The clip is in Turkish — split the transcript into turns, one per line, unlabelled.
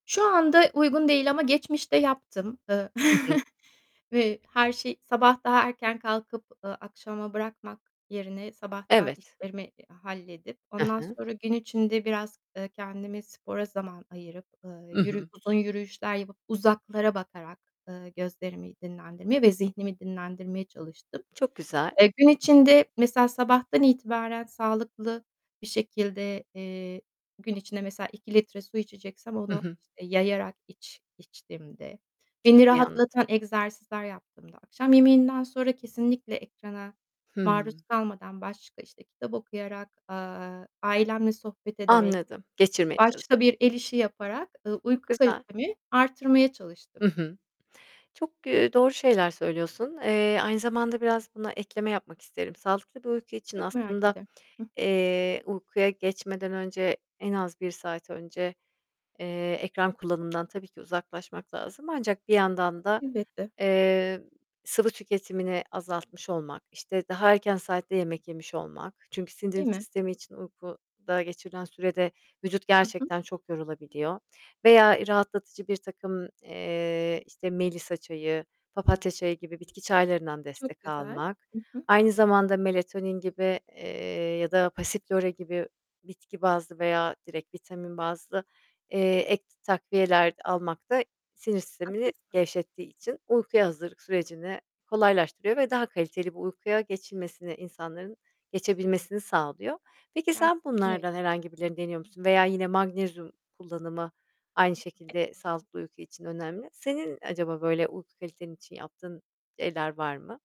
Şu anda uygun değil ama geçmişte yaptım, ııı,
Hı hı.
ve her şey Sabah daha erken kalkıp, ııı, akşama bırakmak yerine sabahtan
Evet.
işlerimi, iii, halledip
Hı
ondan
hı.
sonra gün içinde biraz, eee, kendimi spora zaman ayırıp, ııı,
Hı
yürü
hı.
uzun yürüyüşler yapıp uzaklara bakarak, ııı, gözlerimi dinlendirme ve zihnimi dinlendirmeye çalıştım.
Çok güzel.
Eee, gün içinde mesela sabahtan itibaren sağlıklı bir şekilde, eee, gün içinde mesela 2 litre su içeceksem
Hı
onu
hı.
işte yayarak iç içtiğimde,
Çok
beni
iyi anladım.
rahatlatan egzersizler yaptığımda, akşam yemeğinden sonra kesinlikle ekrana maruz
Hıı.
kalmadan başka, işte, kitap okuyarak, ııı, ailemle sohbet ederek,
Anladım. Geçirmeye çalıştın.
başka bir el işi yaparak, ııı,
Çok
uyku
güzel.
kalitemi arttırmaya çalıştım.
Hı hı. Çok, eee, doğru şeyler söylüyorsun. Eee, aynı zamanda biraz buna ekleme yapmak isterim. Sağlıklı bir uyku için
Çok merak
aslında,
ederim. Hı hı.
eee, uykuya geçmeden önce en az 1 saat önce, eee, ekran kullanımından tabii ki uzaklaşmak lazım. Ancak bir yandan da,
Elbette.
eee, sıvı tüketimini azaltmış olmak, işte, daha erken saatte yemek yemiş olmak çünkü sindirim
Değil mi?
sistemi için uykuda geçirilen sürede vücut
Hı hı.
gerçekten çok yorulabiliyor. Veya rahatlatıcı birtakım, eee, işte, melisa çayı, papatya çayı gibi bitki çaylarından
Çok
destek
güzel.
almak,
Hı hı.
aynı zamanda melatonin gibi, eee, ya da passiflora gibi bitki bazlı veya direkt vitamin bazlı, eee, ek takviyeler almak da sinir sistemini
Haklısın.
gevşettiği için uykuya hazırlık sürecini kolaylaştırıyor ve daha kaliteli bir uykuya geçilmesini, insanların geçebilmesini sağlıyor. Peki sen
Gerçekten öyle.
bunlardan herhangi birilerini deniyor musun? Veya yine magnezyum kullanımı aynı şekilde sağlıklı uyku için önemli. Senin acaba böyle uyku kaliten için yaptığın şeyler var mı?